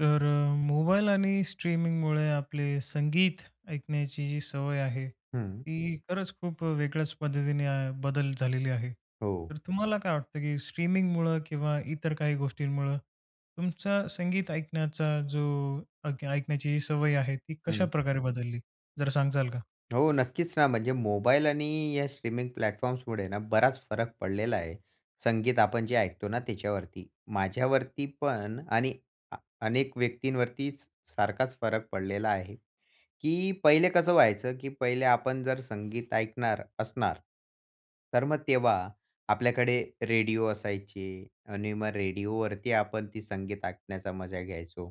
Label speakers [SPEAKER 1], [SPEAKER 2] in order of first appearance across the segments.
[SPEAKER 1] तर अ, मोबाईल आणि स्ट्रीमिंगमुळे आपले संगीत ऐकण्याची जी सवय आहे
[SPEAKER 2] हं.
[SPEAKER 1] ती खरंच खूप वेगळ्याच पद्धतीने बदल झालेली आहे,
[SPEAKER 2] हो.
[SPEAKER 1] तर तुम्हाला काय वाटतं की स्ट्रीमिंगमुळं किंवा इतर काही गोष्टींमुळं तुमचा संगीत ऐकण्याचा जो अक ऐकण्याची जी सवय आहे ती
[SPEAKER 2] हं.
[SPEAKER 1] कशाप्रकारे बदलली, जरा सांगाल का?
[SPEAKER 2] हो नक्कीच ना, म्हणजे मोबाईल आणि या स्ट्रीमिंग प्लॅटफॉर्म्समुळेना बराच फरक पडलेला आहे. संगीत आपण जे ऐकतो ना त्याच्यावरती. माझ्यावरती पण आणि आ अनेक व्यक्तींवरतीच सारखाच फरक पडलेला आहे. की पहिले कसं व्हायचं, की पहिले आपण जर संगीत ऐकणार असणार. तर मग तेव्हा आपल्याकडे रेडिओ असायचे आणि मग रेडिओवरती आपण ते संगीत ऐकण्याचा मजा घ्यायचो.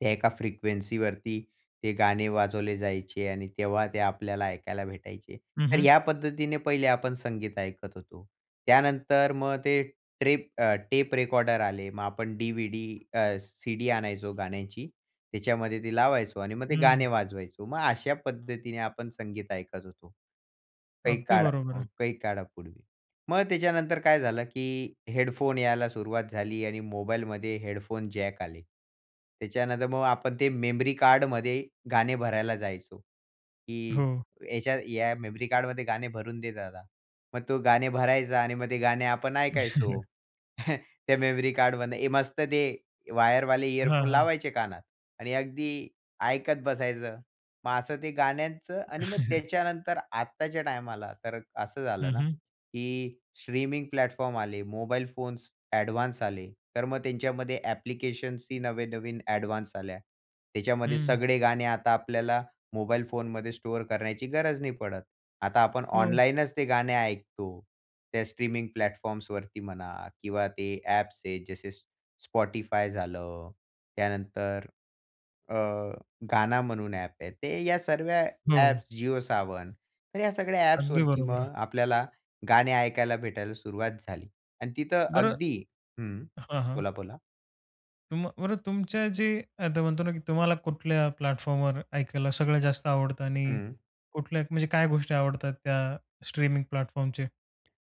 [SPEAKER 2] त्या एका फ्रिक्वेन्सीवरती ते गाणे वाजवले जायचे आणि तेव्हा ते आपल्याला ऐकायला भेटायचे.
[SPEAKER 1] हं,
[SPEAKER 2] तर
[SPEAKER 1] हं.
[SPEAKER 2] ह्या पद्धतीने पहिले आपण संगीत ऐकत होतो. त्यानंतर मग ते ट्रेप अ, टेप रेकॉर्डर आले मग आपण डी-व्ही-डी अ, सी-डी आणायचो गाण्याची, त्याच्यामध्ये ते लावायचो आणि मग ते गाणे
[SPEAKER 1] हं.
[SPEAKER 2] वाजवायचो. मग अशा पद्धतीने आपण संगीत ऐकत होतो, काही
[SPEAKER 1] अगदी
[SPEAKER 2] काळ
[SPEAKER 1] बरोबर
[SPEAKER 2] अ,
[SPEAKER 1] आहे.
[SPEAKER 2] काही काळापूर्वी. मग त्याच्यानंतर काय झालं की हेडफोन यायला सुरुवात झाली आणि मोबाईलमध्ये हेडफोन जॅक आले. त्याच्यानंतर मग आपण ते मेमरी कार्डमध्ये गाणे भरायला जायचो की
[SPEAKER 1] हो.
[SPEAKER 2] "याच्या या मेमरी कार्डमध्ये गाणे भरून दे दादा." मग तो गाणे भरायचा आणि मग ते गाणे आपण ऐकायचो. त्या मेमरी कार्डमध्ये मस्त ते वायरवाले
[SPEAKER 1] हां,
[SPEAKER 2] इयरफोन
[SPEAKER 1] हां.
[SPEAKER 2] लावायचे कानात आणि अगदी ऐकत बसायचं. मग असं ते गाण्यांचं आणि मग त्याच्यानंतर आत्ताच्या टायमाला तर असं
[SPEAKER 1] हं,
[SPEAKER 2] झालं ना,
[SPEAKER 1] हं.
[SPEAKER 2] की स्ट्रीमिंग प्लॅटफॉर्म आले. मोबाईल फोन्स ॲडव्हान्स आले. तर मग त्यांच्यामध्ये ॲप्लिकेशन्स ही नवे-नवीन ॲडव्हान्स आल्या. त्याच्यामध्ये
[SPEAKER 1] हं.
[SPEAKER 2] सगळे गाणे आता आपल्याला मोबाईल फोनमध्ये स्टोअर करण्याची गरज नाही पडत. आता आपण
[SPEAKER 1] हो.
[SPEAKER 2] ऑनलाईनच ते गाणे ऐकतो. त्या स्ट्रीमिंग प्लॅटफॉर्म्सवरती म्हणा किंवा ते ॲप्स आहेत जसे Spotify झालं त्यानंतर, अ, Gaana म्हणून ॲप आहे ते या सर्व्या
[SPEAKER 1] हो.
[SPEAKER 2] ॲप्स Jio Saavn तर ह्या सगळ्या
[SPEAKER 1] अगदी
[SPEAKER 2] ॲप्सवरती
[SPEAKER 1] बरोबर आहे.
[SPEAKER 2] मग आपल्याला गाणे ऐकायला भेटायला सुरुवात झाली. आणि तिथं
[SPEAKER 1] बरं
[SPEAKER 2] अगदी हं.
[SPEAKER 1] हां, हां.
[SPEAKER 2] बोला, बोला.
[SPEAKER 1] तुम बरं, तुमच्या जे आता म्हणतो ना, की तुम्हाला कुठल्या प्लॅटफॉर्मवर ऐकायला सगळं जास्त आवडतं आणि
[SPEAKER 2] हं.
[SPEAKER 1] कुठल्या म्हणजे काय गोष्टी आवडतात त्या स्ट्रीमिंग प्लॅटफॉर्मचे?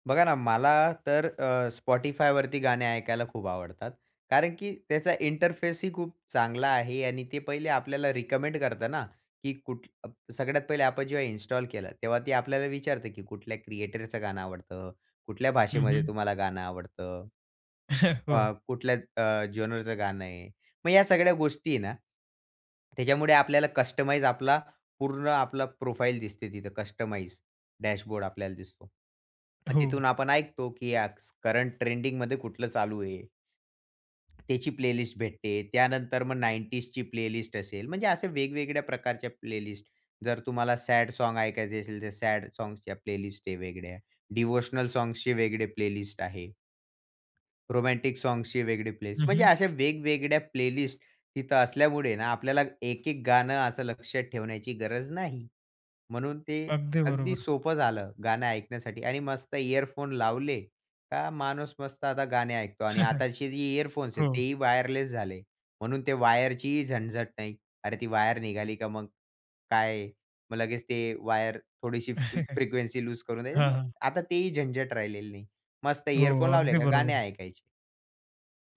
[SPEAKER 2] बघा ना, मला तर अ, Spotifyवरती गाणे ऐकायला खूप आवडतात. कारण की त्याचा इंटरफेस ही खूप चांगला आहे आणि ते पहिले आपल्याला रिकमेंड करतं ना, की कुठ सगळ्यात पहिले आपण जेव्हा इन्स्टॉल केला, तेव्हा ती आपल्याला विचारते, की कुठल्या क्रिएटरचं गाणं आवडतं? कुठल्या
[SPEAKER 1] हं,
[SPEAKER 2] भाषेमध्ये
[SPEAKER 1] हं.
[SPEAKER 2] तुम्हाला गाणं आवडतं. अ,
[SPEAKER 1] हो.
[SPEAKER 2] कुठल्या अ, जेनरचं गाणं आहे. मग या सगळ्या गोष्टी आहे ना, त्याच्यामुळे आपल्याला कस्टमाइज आपला पूर्ण आपला प्रोफाइल दिसते तिथं कस्टमाईज डॅशबोर्ड आपल्याला दिसतो. मग
[SPEAKER 1] हो.
[SPEAKER 2] तिथून आपण ऐकतो, की स करंट ट्रेंडिंगमध्ये कुठलं चालू आहे. त्याची प्लेलिस्ट भेटते. त्यानंतर मग 90s प्लेलिस्ट असेल म्हणजे असे वेगवेगळ्या प्रकारच्या प्लेलिस्ट. जर तुम्हाला सॅड सॉन्ग ऐकायचे असेल, तर सॅड सॉन्गच्या प्लेलिस्ट आहे वेगळ्या. डिव्होशनल सॉंग्सचे वेगळे प्लेलिस्ट आहे. रोमॅन्टिक सॉंग्सचे वेगळे प्लेस.
[SPEAKER 1] हं,
[SPEAKER 2] म्हणजे
[SPEAKER 1] हं.
[SPEAKER 2] अशा वेगवेगळ्या प्लेलिस्ट तिथं असल्यामुळे ना, आपल्याला एक, एक गाणं असं लक्षात ठेवण्याची गरज नाही. म्हणून ते
[SPEAKER 1] अगदी
[SPEAKER 2] अगदी
[SPEAKER 1] बरोबर.
[SPEAKER 2] सोपं झालं गाणं ऐकण्यासाठी आणि मस्त इअरफोन लावले. का माणूस मस्त आता गाणे ऐकतो आणि आताची जी इअरफोन्स आहेत,
[SPEAKER 1] हो.
[SPEAKER 2] तेही वायरलेस झाले. म्हणून ते वायरचीही झणझट नाही. अरे, ती वायर निघाली का मग? काय मग लगेच ते वायर थोडीशी फ्रिक्वेन्सी लूज करून
[SPEAKER 1] हां,
[SPEAKER 2] द्यायना
[SPEAKER 1] हां.
[SPEAKER 2] आता तेही झंझट राहिलेलं नाही. मस्त इअरफोन
[SPEAKER 1] हो.
[SPEAKER 2] लावले
[SPEAKER 1] अगदी
[SPEAKER 2] का गाणे
[SPEAKER 1] बरोबर.
[SPEAKER 2] ऐकायचे.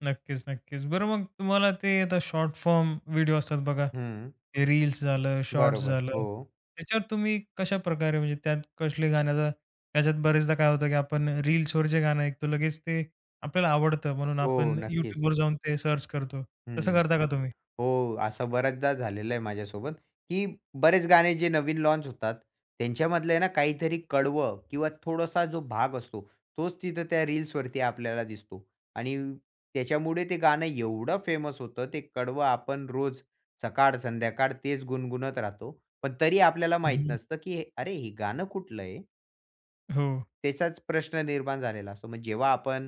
[SPEAKER 1] नक्कीच, नक्कीच. बरं मग तुम्हाला ते आता शॉर्ट फॉर्म व्हिडिओ असतात बघा.
[SPEAKER 2] हं.
[SPEAKER 1] ते रील्स झालं, शॉर्ट्स
[SPEAKER 2] बरोबर.
[SPEAKER 1] झालं.
[SPEAKER 2] हो.
[SPEAKER 1] त्याच्यावर तुम्ही कशाप्रकारे म्हणजे त्यात कसले गाण्याचा त्याच्यात बरेचदा काय होतं की आपण रील्सवर जे गाणं ऐकतो लगेच ते आपल्याला आवडतं म्हणून
[SPEAKER 2] हो.
[SPEAKER 1] आपण
[SPEAKER 2] नक्कीच.
[SPEAKER 1] YouTubeवर जाऊन ते सर्च करतो. तसं
[SPEAKER 2] हं.
[SPEAKER 1] करता का तुम्ही?
[SPEAKER 2] हो असं बऱ्याचदा झालेलं आहे माझ्यासोबत, की बरेच गाणे जे नवीन लॉन्च होतात. त्यांच्यामधलं आहे ना काहीतरी कडवं किंवा थोडासा जो भाग असतो तोच तिथं त्या रील्सवरती आपल्याला दिसतो. आणि त्याच्यामुळे ते गाणं एवढं फेमस होतं, ते कडवं आपण रोज सकाळ संध्याकाळ तेच गुणगुणत राहतो. पण तरी आपल्याला माहित
[SPEAKER 1] हं.
[SPEAKER 2] नसतं की "अरे हे गाणं कुठलं आहे?"
[SPEAKER 1] हो.
[SPEAKER 2] त्याचाच प्रश्न निर्माण झालेला असतो. मग जेव्हा आपण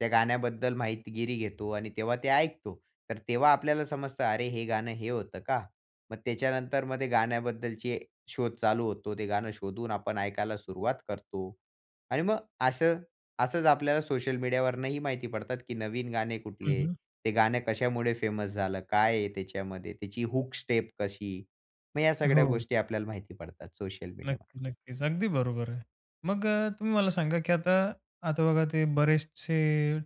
[SPEAKER 2] त्या गाण्याबद्दल माहितीगिरी घेतो आणि तेव्हा ते ऐकतो. तर तेव्हा आपल्याला समजतं "अरे हे गाणं हे होतं का?" मग त्याच्यानंतर मग गाण्याबद्दलची शोध चालू होतो. ते गाणं शोधून आपण ऐकायला सुरुवात करतो. आणि मग असं असंच आपल्याला सोशल मीडिया वरनं ही माहिती पडतात की नवीन गाणे
[SPEAKER 1] हं,
[SPEAKER 2] कुठले?
[SPEAKER 1] हं.
[SPEAKER 2] ते गाणं कशामुळे फेमस झालं? काय आहे त्याच्यामध्ये त्याची हूक स्टेप कशी? मग या सगळ्या
[SPEAKER 1] हो.
[SPEAKER 2] गोष्टी आपल्याला माहिती पडतात सोशल मीडियामध्ये.
[SPEAKER 1] नक्की, नक्कीच. अगदी बरोबर आहे. मग तुम्ही मला सांगा की आता आता बघा ते बरेचसे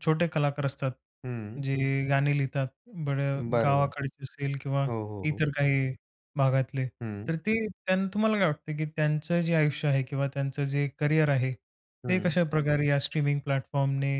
[SPEAKER 1] छोटे कलाकार असतात
[SPEAKER 2] हं.
[SPEAKER 1] जे गाणी लिहितात बरं
[SPEAKER 2] बरोबर.
[SPEAKER 1] गावाकडचे असेल किंवा
[SPEAKER 2] हो, हो, हो.
[SPEAKER 1] इतर काही भागातले.
[SPEAKER 2] हं.
[SPEAKER 1] तर ते त्यांना तुम्हाला काय वाटतं की त्यांचं जे आयुष्य आहे किंवा त्यांचं जे करिअर आहे ते
[SPEAKER 2] हं.
[SPEAKER 1] कशाप्रकारे या स्ट्रीमिंग प्लॅटफॉर्मने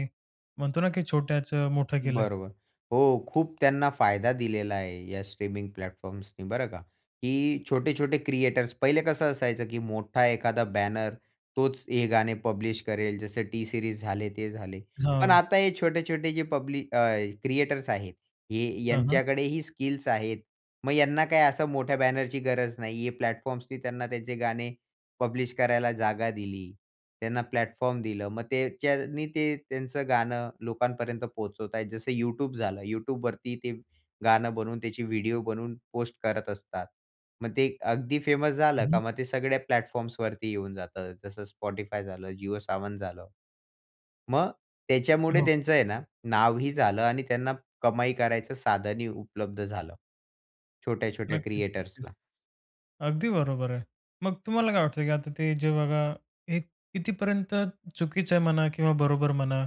[SPEAKER 1] म्हणतो ना की छोट्याचं मोठं केलंय?
[SPEAKER 2] बरोबर. हो खूप त्यांना फायदा दिलेला आहे या स्ट्रीमिंग प्लॅटफॉर्म्सनी बरं का. की छोटे-छोटे क्रिएटर्स पहिले कसं असायचं की मोठा एखादा बॅनर तोच हे गाणे पब्लिश करेल जसं टी सीरीज झाले ते झाले. पण
[SPEAKER 1] हां.
[SPEAKER 2] आता हे छोटे-छोटे जे पब्ली अ, क्रिएटर्स आहेत हे
[SPEAKER 1] हं, हं.
[SPEAKER 2] यांच्याकडेही स्किल्स आहेत. मग ह्यांना काही असं मोठ्या बॅनर ची गरज नाही. हे प्लॅटफॉर्म्सनी त्यांना त्यांचे गाणे पब्लिश करायला जागा दिली. त्यांना प्लॅटफॉर्म दिलं. मग त्याच्यानी ते त्यांचं गाणं लोकांपर्यंत पोहोचवताय. जसं YouTube झालं. YouTubeवरती ते गाणं बनवून त्याची व्हिडिओ बनवून पोस्ट करत असतात. मग ते अगदी फेमस झालं
[SPEAKER 1] हं, हं.
[SPEAKER 2] का मग ते सगळ्या प्लॅटफॉर्म्स वरती येऊन जातं, जसं Spotify झालं, जिओ सावन झालं. मग त्याच्यामुळे
[SPEAKER 1] हो.
[SPEAKER 2] त्यांचं आहे ना नावही झालं आणि त्यांना कमाई करायचं साधनही उपलब्ध झालं. छोट्या-छोट्या
[SPEAKER 1] नक्कीच, नक्कीच.
[SPEAKER 2] क्रिएटर्सला.
[SPEAKER 1] अगदी बरोबर आहे. मग तुम्हाला काय वाटतं, की आता ते जे बघा हे कितीपर्यंत चुकीचं आहे म्हणा किंवा बरोबर म्हणा.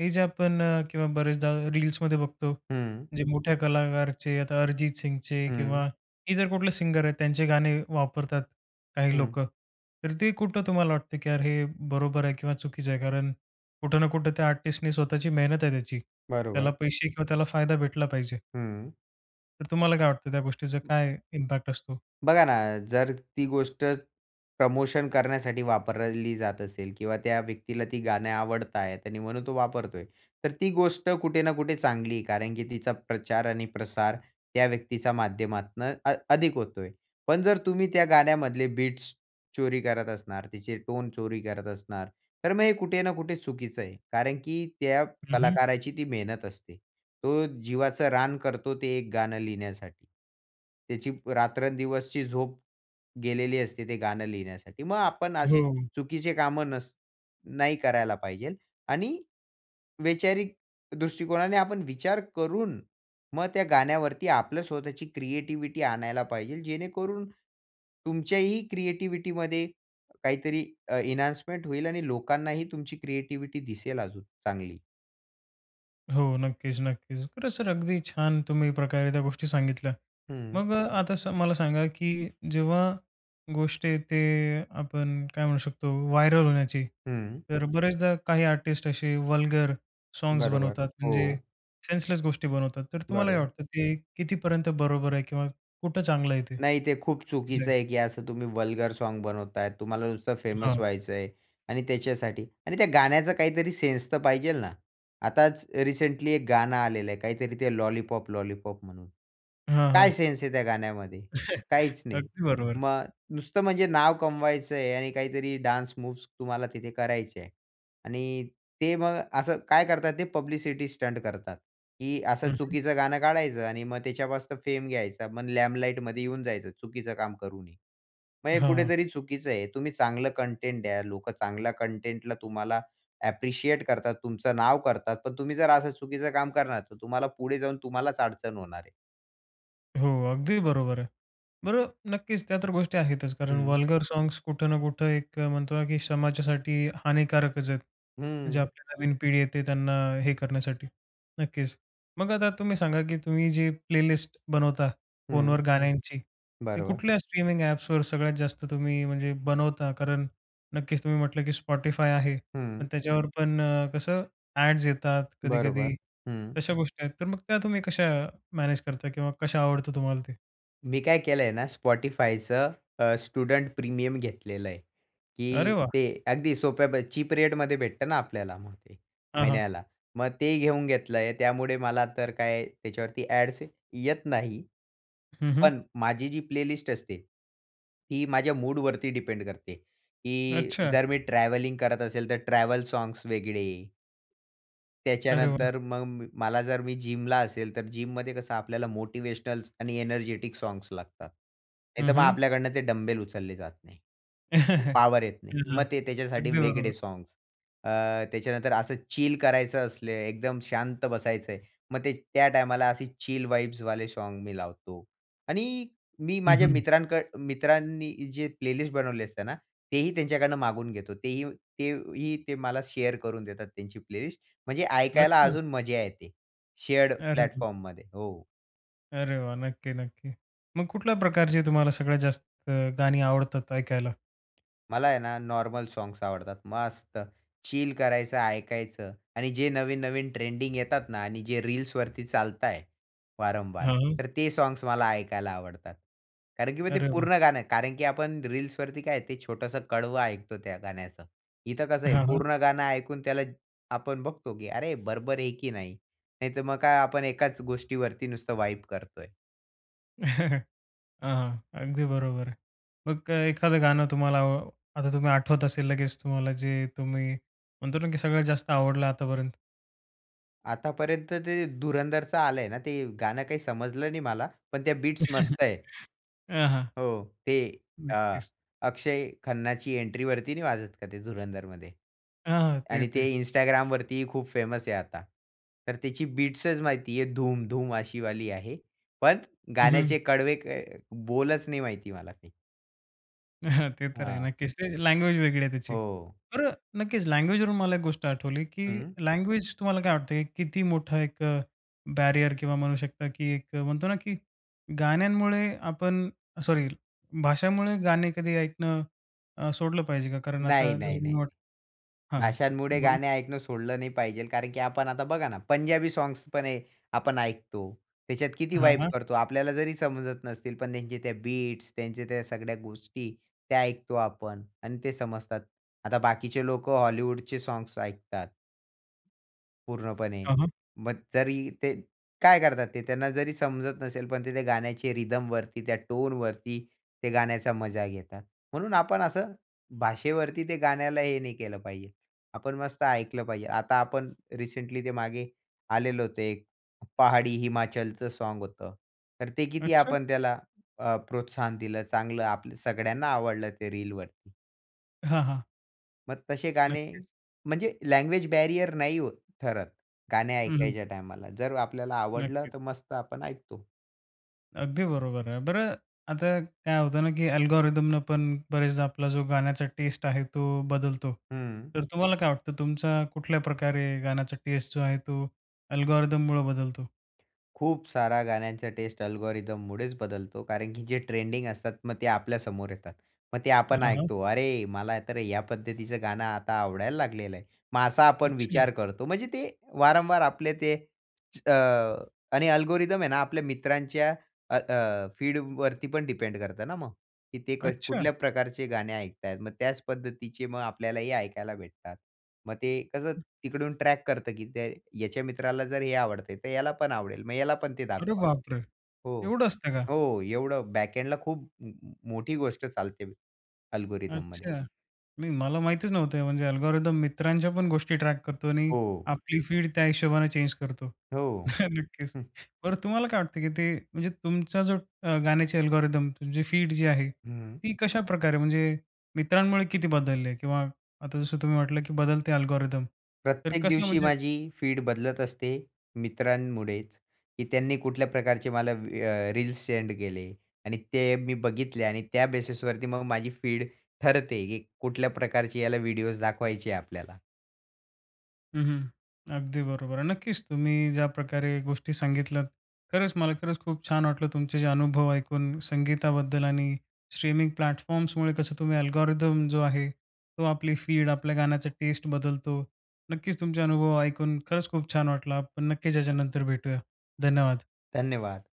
[SPEAKER 1] हे जे आपण किंवा बरेचदा रील्समध्ये बघतो
[SPEAKER 2] हं.
[SPEAKER 1] जे मोठ्या कलाकारचे, आता अरिजित सिंगचे
[SPEAKER 2] हं.
[SPEAKER 1] किंवा हे जर कुठले सिंगर आहेत त्यांचे गाणे वापरतात, काही
[SPEAKER 2] हं.
[SPEAKER 1] लोकं. तर ते कुठं तुम्हाला वाटतं की यार हे बरोबर आहे किंवा चुकीचं आहे कारण कुठं ना कुठं त्या आर्टिस्टने स्वतःची मेहनत आहे त्याची. त्याला
[SPEAKER 2] बरोबर.
[SPEAKER 1] पैसे किंवा त्याला फायदा भेटला पाहिजे.
[SPEAKER 2] हं.
[SPEAKER 1] तर तुम्हाला काय वाटतं त्या गोष्टीचा काय इम्पॅक्ट असतो?
[SPEAKER 2] बघा ना, जर ती गोष्ट प्रमोशन करण्यासाठी वापरली जात असेल किंवा त्या व्यक्तीला ती गाणे आवडता आहेत आणि म्हणून तो वापरतोय. तर ती गोष्ट कुठे ना, कुठे चांगली आहे. कारण की तिचा प्रचार आणि प्रसार त्या व्यक्तीच्या माध्यमातनं अ अधिक होतोय. पण जर तुम्ही त्या गाण्यामधले बीट्स चोरी करत असणार, तिचे टोन चोरी करत असणार, तर मग हे कुठे ना, कुठे चुकीचं आहे. कारण की त्या
[SPEAKER 1] हं, हं.
[SPEAKER 2] कलाकाराची ती मेहनत असते. तो जीवाचं रान करतो ते एक गाणं लिहिण्यासाठी. त्याची रात्रंदिवसची झोप गेलेली असते, ते गाणं लिहिण्यासाठी. मग आपण असे
[SPEAKER 1] हो.
[SPEAKER 2] चुकीचे कामं नस नाही करायला पाहिजे पाहिजेल आणि वैचारिक दृष्टिकोनाने आपण विचार करून, मग त्या गाण्यावरती आपलं स्वतःची क्रिएटिव्हिटी आणायला पाहिजेल जेणेकरून तुमच्याही क्रिएटिव्हिटीमध्ये काहीतरी अ, एन्हान्समेंट होईल. आणि लोकांनाही तुमची क्रिएटिव्हिटी दिसेल अजून चांगली.
[SPEAKER 1] हो, नक्कीच, नक्कीच. खरं सर अगदी छान तुम्ही प्रकारे त्या गोष्टी सांगितल्या.
[SPEAKER 2] हं.
[SPEAKER 1] मग अ, आता सर मला सांगा की जेव्हा गोष्ट येते आपण काय म्हणू शकतो व्हायरअल होण्याची.
[SPEAKER 2] हं.
[SPEAKER 1] तर बरेचदा काही आर्टिस्ट असे वल्गर साँग्स
[SPEAKER 2] बरोबर.
[SPEAKER 1] बनवतात. म्हणजे
[SPEAKER 2] हो.
[SPEAKER 1] सेन्सलेस गोष्टी बनवतात. तर तुम्हाला काय
[SPEAKER 2] बरोबर.
[SPEAKER 1] वाटतं ते कितीपर्यंत बरोबर आहे किंवा कुठं चांगलं आहे ते
[SPEAKER 2] नाही, ते खूप
[SPEAKER 1] का चुकीचं आहे?
[SPEAKER 2] चुकीचं आहे. की असं तुम्ही वल्गर साँग बनवताय. तुम्हाला नुसतं फेमस
[SPEAKER 1] हां.
[SPEAKER 2] व्हायचंय आणि त्याच्यासाठी आणि त्या गाण्याचा काहीतरी सेन्स तर पाहिजेल ना. आताचं रिसेंटली एक गाणं आलेलं आहे. काहीतरी ते लॉलीपॉप, लॉलीपॉप म्हणून.
[SPEAKER 1] हां,
[SPEAKER 2] काय
[SPEAKER 1] हां.
[SPEAKER 2] सेन्स आहे त्या गाण्यामध्ये? काहीच नाही.
[SPEAKER 1] अगदी बरोबर.
[SPEAKER 2] मग नुसतं म्हणजे नाव कमवायचंय आणि काहीतरी डान्स मूव्हज तुम्हाला तिथे करायच्या आहे. आणि ते मग असं काय करत आहेत ते पब्लिसिटी स्टंट करतात. की असं
[SPEAKER 1] हं, हं.
[SPEAKER 2] चुकीचं गाणं काढायचं आणि मग त्याच्यापासनं फेम घ्यायचा. मग लाइमलाइटमध्ये येऊन जायचं चुकीचं काम करूनही. मग
[SPEAKER 1] अ,
[SPEAKER 2] हे
[SPEAKER 1] हां.
[SPEAKER 2] कुठेतरी चुकीचं आहे. तुम्ही चांगलं कंटेंट द्या, लोकं चांगल्या कंटेंटला तुम्हाला अ, ॲप्रिशिएट करतात. तुमचं नाव करतात. पण तुम्ही जर असं चुकीचं काम करणार तर तुम्हाला पुढे जाऊन तुम्हालाच अडचण होणार आहे.
[SPEAKER 1] हो अगदी बरोबर आहे. बरं नक्कीच त्या तर गोष्टी आहेतच कारण
[SPEAKER 2] हं.
[SPEAKER 1] वल्गर साँग्स कुठं ना कुठं एक अ, म्हणतो ना की समाजासाठी हानिकारकच आहेत. जे
[SPEAKER 2] हं.
[SPEAKER 1] आपली नवीन पिढी येते त्यांना हे करण्यासाठी. नक्कीच. मग आता तुम्ही सांगा की तुम्ही जे प्लेलिस्ट बनवता
[SPEAKER 2] हं.
[SPEAKER 1] फोनवर गाण्यांची ते
[SPEAKER 2] बरोबर.
[SPEAKER 1] कुठल्या स्ट्रीमिंग ॲप्सवर सगळ्यात जास्त तुम्ही म्हणजे बनवता कारण नक्कीच तुम्ही म्हटलं, की Spotify आहे, पण
[SPEAKER 2] हं.
[SPEAKER 1] त्याच्यावर पण अ, कसं ॲड्स येतात
[SPEAKER 2] बरोबर.
[SPEAKER 1] कधी-कधी
[SPEAKER 2] हं.
[SPEAKER 1] तशा गोष्टी आहेत. तर मग त्या तुम्ही कशा मॅनेज करता किंवा कशा आवडतं तुम्हाला ते?
[SPEAKER 2] मी काय केलंय ना Spotifyचं अ, स्टुडंट प्रीमियम घेतलेलंय,
[SPEAKER 1] अरे
[SPEAKER 2] की
[SPEAKER 1] वाह!
[SPEAKER 2] ते अगदी सोप्या प चीप रेटमध्ये भेटतं ना आपल्याला मग ते,
[SPEAKER 1] हां, हां.
[SPEAKER 2] महिन्याला, मग ते घेऊन घेतलंय त्यामुळे मला तर काय त्याच्यावरती ॲड्स येत नाही.
[SPEAKER 1] हं, हं.
[SPEAKER 2] पण माझी जी प्लेलिस्ट असते ही माझ्या मूडवरती डिपेंड करते, की
[SPEAKER 1] अच्छा!
[SPEAKER 2] जर मी ट्रॅव्हलिंग करत असेल तर ट्रॅव्हल साँग्स वेगळे
[SPEAKER 1] अरे वाह!
[SPEAKER 2] त्याच्यानंतर मग म मला जर मी जिमला असेल, तर जिममध्ये कसं आपल्याला मोटिव्हेशनल आणि एनर्जेटिक साँग्स लागतात.
[SPEAKER 1] हं,
[SPEAKER 2] नाहीतर मग
[SPEAKER 1] हं.
[SPEAKER 2] आपल्याकडनं ते डंबेल उचलले जात नाही. पॉवर येत नाही. मग
[SPEAKER 1] [unintelligible]
[SPEAKER 2] ते त्याच्यासाठी
[SPEAKER 1] अगदी
[SPEAKER 2] वेगळे
[SPEAKER 1] बरोबर.
[SPEAKER 2] साँग्स. अ, त्याच्यानंतर असं चिल करायचं असले, एकदम शांत बसायचंय, मग ते त्या टायमाला असे चिल वाइब्सवाले साँग मी लावतो. आणि मी
[SPEAKER 1] हं,
[SPEAKER 2] माझ्या
[SPEAKER 1] हं.
[SPEAKER 2] मित्रांक मित्रांनी जे प्लेलिस्ट बनवले असते ना, तेही त्यांच्याकडून मागवून घेतो. तेही ते ही ते मला शेअर करून देतात त्यांची प्लेलिस्ट म्हणजे ऐकायला
[SPEAKER 1] अच्छा!
[SPEAKER 2] अजून मजा येते, शेअर्ड
[SPEAKER 1] अरे! हं.
[SPEAKER 2] प्लॅटफॉर्ममध्ये. हो.
[SPEAKER 1] अरे वाह! नक्की, नक्की. मग कुठल्या प्रकारची तुम्हाला सगळ्यात जास्त अ, गाणी आवडतात ऐकायला?
[SPEAKER 2] मला आहे ना नॉर्मल साँग्स आवडतात. मस्त! चिल करायचं, ऐकायचं आणि जे नवीन-नवीन ट्रेंडिंग येतात ना आणि जे रील्सवरती चालत आहे, वारंवार,
[SPEAKER 1] हां.
[SPEAKER 2] तर ते साँग्स मला ऐकायला आवडतात. कारण की मग ते
[SPEAKER 1] अरे वाह!
[SPEAKER 2] पूर्ण गाणं आहे कारण की आपण रील्सवरती काय आहे ते छोटंसं कडवं ऐकतो त्या गाण्याचं. इथं कसं आहे
[SPEAKER 1] हां, हां.
[SPEAKER 2] पूर्ण गाणं ऐकून त्याला आपण बघतो की "अरे बरोबर आहे की नाही." नाहीतर मग काय आपण एकाच गोष्टीवरती नुसतं वाइब करतोय.
[SPEAKER 1] हां, हां, अगदी बरोबर आहे. मग अ, एखादं गाणं तुम्हाला आता तुम्ही आठवत असेल लगेच, तुम्हाला जे, तुम्ही म्हणतो ना की सगळ्यात जास्त आवडलं आतापर्यंत?
[SPEAKER 2] आतापर्यंत ते धुरंधरचा आलंय ना, ते गाणं काही समजलं नाही मला, पण त्या बीट्स मस्त आहे.
[SPEAKER 1] हां, हां.
[SPEAKER 2] हो, ते अ,
[SPEAKER 1] नक्कीच.
[SPEAKER 2] अक्षय खन्नाची एंट्रीवरती नाही वाजत का ते धुरंधरमध्ये.
[SPEAKER 1] हां, हां, ते,
[SPEAKER 2] आणि ते
[SPEAKER 1] ते.
[SPEAKER 2] Instagramवरती ही खूप फेमस आहे आता. तर त्याची बिट्सच माहिती आहे धूम-धूम अशी वाली आहे. पण
[SPEAKER 1] हं, हं.
[SPEAKER 2] गाण्याचे कडवे काय बोलच नाही माहिती मला काही.
[SPEAKER 1] हां, ते तर आहे,
[SPEAKER 2] हां
[SPEAKER 1] नक्कीच. ते लँग्वेज वेगळी आहे त्याची.
[SPEAKER 2] हो.
[SPEAKER 1] तर नक्कीच लँग्वेजवरून मला एक गोष्ट आठवली की
[SPEAKER 2] हं.
[SPEAKER 1] लँग्वेज तुम्हाला काय वाटतं? किती मोठा एक बॅरियर किंवा म्हणू शकता की एक म्हणतो ना, की गाण्यांमुळे आपण सॉरी, भाषामुळे गाणे कधी ऐकणं सोडलं अ, पाहिजे का? कारण आता
[SPEAKER 2] नाही, नाही, नाही.
[SPEAKER 1] [unintelligible] हां, हां.
[SPEAKER 2] भाषांमुळे
[SPEAKER 1] बोला.
[SPEAKER 2] गाणे ऐकणं सोडलं नाही पाहिजे, कारण की आपण आता बघा ना, पंजाबी सॉंग्स पण आपण ऐकतो. त्याच्यात किती
[SPEAKER 1] हां,
[SPEAKER 2] वाइब
[SPEAKER 1] हां.
[SPEAKER 2] करतो. आपल्याला जरी समजत नसतील पण त्यांचे त्या बिट्स, त्यांच्या त्या सगळ्या गोष्टी, त्या ऐकतो आपण आणि ते समजतात. आता बाकीचे लोकं हॉलिवूडचे सॉग्स ऐकतात पूर्णपणे
[SPEAKER 1] हां, हां.
[SPEAKER 2] मग जरी ते काय करतात ते त्यांना जरी समजत नसेल, पण ते त्या गाण्याचे रिदमवरती, त्या टोनवरती ते गाण्याचा मजा घेतात. म्हणून आपण असं भाषेवरती ते गाण्याला हे नाही केलं पाहिजे. आपण मस्त ऐकलं पाहिजे. आता आपण रिसेंटली ते मागे आलेलं होतं एक पहाडी हिमाचलचं साँग होतं. तर ते किती
[SPEAKER 1] अच्छा!
[SPEAKER 2] आपण त्याला अ, प्रोत्साहन दिलं, चांगलं आपलं सगळ्यांना आवडलं ते रीलवरती.
[SPEAKER 1] हां, हां.
[SPEAKER 2] मग तसे गाणे
[SPEAKER 1] नक्कीच.
[SPEAKER 2] म्हणजे लँग्वेज बॅरियर नाही ओ ठरत. गाणे
[SPEAKER 1] हं, हं.
[SPEAKER 2] ऐकायच्या टायमाला जर आपल्याला आवडलं
[SPEAKER 1] नक्कीच.
[SPEAKER 2] तर मस्त आपण ऐकतो.
[SPEAKER 1] अगदी बरोबर आहे. बरं आता काय होत ना, की अल्गोरिदमनं पण बरेचदा आपला जो गाण्याचा टेस्ट आहे तो बदलतो.
[SPEAKER 2] हं.
[SPEAKER 1] तर तुम्हाला काय वाटतं, तुमचा कुठल्या प्रकारे गाण्याचा टेस्ट जो आहे तो अल्गोरिदममुळं बदलतो?
[SPEAKER 2] खूप साऱ्या गाण्यांचा टेस्ट अल्गोरिदममुळेचं बदलतो. कारण की जे ट्रेंडिंग असतात. मग ते आपल्या समोर येतात. मग ते आपण
[SPEAKER 1] हां, हां.
[SPEAKER 2] ऐकतो, "अरे, मला तर या पद्धतीचं गाणं आता आवडायला लागलेलं आहे." मग असा आपण
[SPEAKER 1] अच्छा.
[SPEAKER 2] विचार करतो. म्हणजे ते वारंवार आपले ते च अ, आणि अल्गोरिदम आहे ना आपल्या मित्रांच्या अ, अ, फीडवरती पण डिपेंड करतं ना, मग. ते कस
[SPEAKER 1] अच्छा.
[SPEAKER 2] कुठल्या प्रकारचे गाणे ऐकताहेत. मग त्याचं पद्धतीचे मग आपल्यालाही ऐकायला भेटतात. मग ते कसं
[SPEAKER 1] हं.
[SPEAKER 2] तिकडून ट्रॅक करतं की ते याच्या मित्राला जर हे आवडत तर याला पण आवडेल. मग ह्याला पण ते
[SPEAKER 1] अरे
[SPEAKER 2] दाखवा.
[SPEAKER 1] बापरे!
[SPEAKER 2] हो.
[SPEAKER 1] एवढं असतं का?
[SPEAKER 2] हो, एवढं बॅकएण्डला खूप मोठी गोष्ट चालते अल्गोरिदममध्ये.
[SPEAKER 1] अच्छा. नाही, मला माहितीचं नव्हतं. म्हणजे अल्गोरिदम मित्रांच्या पण गोष्टी ट्रॅक करतो आणि
[SPEAKER 2] हो.
[SPEAKER 1] आपली फीड त्या हिशोबाने चेंज करतो.
[SPEAKER 2] हो.
[SPEAKER 1] नक्कीच.
[SPEAKER 2] हं.
[SPEAKER 1] बरं, तुम्हाला काय वाटतं की ते, म्हणजे तुमचा जो अ, गाण्याची अल्गोरिदम तुमची फीड जी आहे
[SPEAKER 2] हं.
[SPEAKER 1] ती कशाप्रकारे म्हणजे मित्रांमुळे किती बदललेली आहे? किंवा आता जसं तुम्ही म्हटलं की बदलते अल्गोरिदम तर
[SPEAKER 2] प्रत्येक
[SPEAKER 1] कसं
[SPEAKER 2] दिवशी
[SPEAKER 1] म्हणजे?
[SPEAKER 2] माझी फीड बदलत असते मित्रांमुळेचं, की त्यांनी कुठल्या प्रकारचे मला अ, रील्स सेंड केले आणि ते मी बघितले आणि त्या बेसिसवरती मग माझी फीड ठरते की कुठल्या प्रकारचे याला व्हिडिओज दाखवायचे आपल्याला.
[SPEAKER 1] हं, हं. अगदी बरोबर आहे. नक्कीच, तुम्ही ज्या प्रकारे गोष्टी सांगितल्यात, खरंच मला खरंच खूप छान वाटलं तुमचे, जे अनुभव ऐकून संगीताबद्दल आणि स्ट्रीमिंग प्लॅटफॉर्म्समुळे कसं तुम्ही अल्गोरिदम जो आहे, तो आपली फीड, आपल्या गाण्याचा टेस्ट बदलतो. नक्कीच तुमचे अनुभव ऐकून खरंच खूप छान वाटलं. आपण नक्कीच याच्यानंतर भेटूया. धन्यवाद.
[SPEAKER 2] धन्यवाद.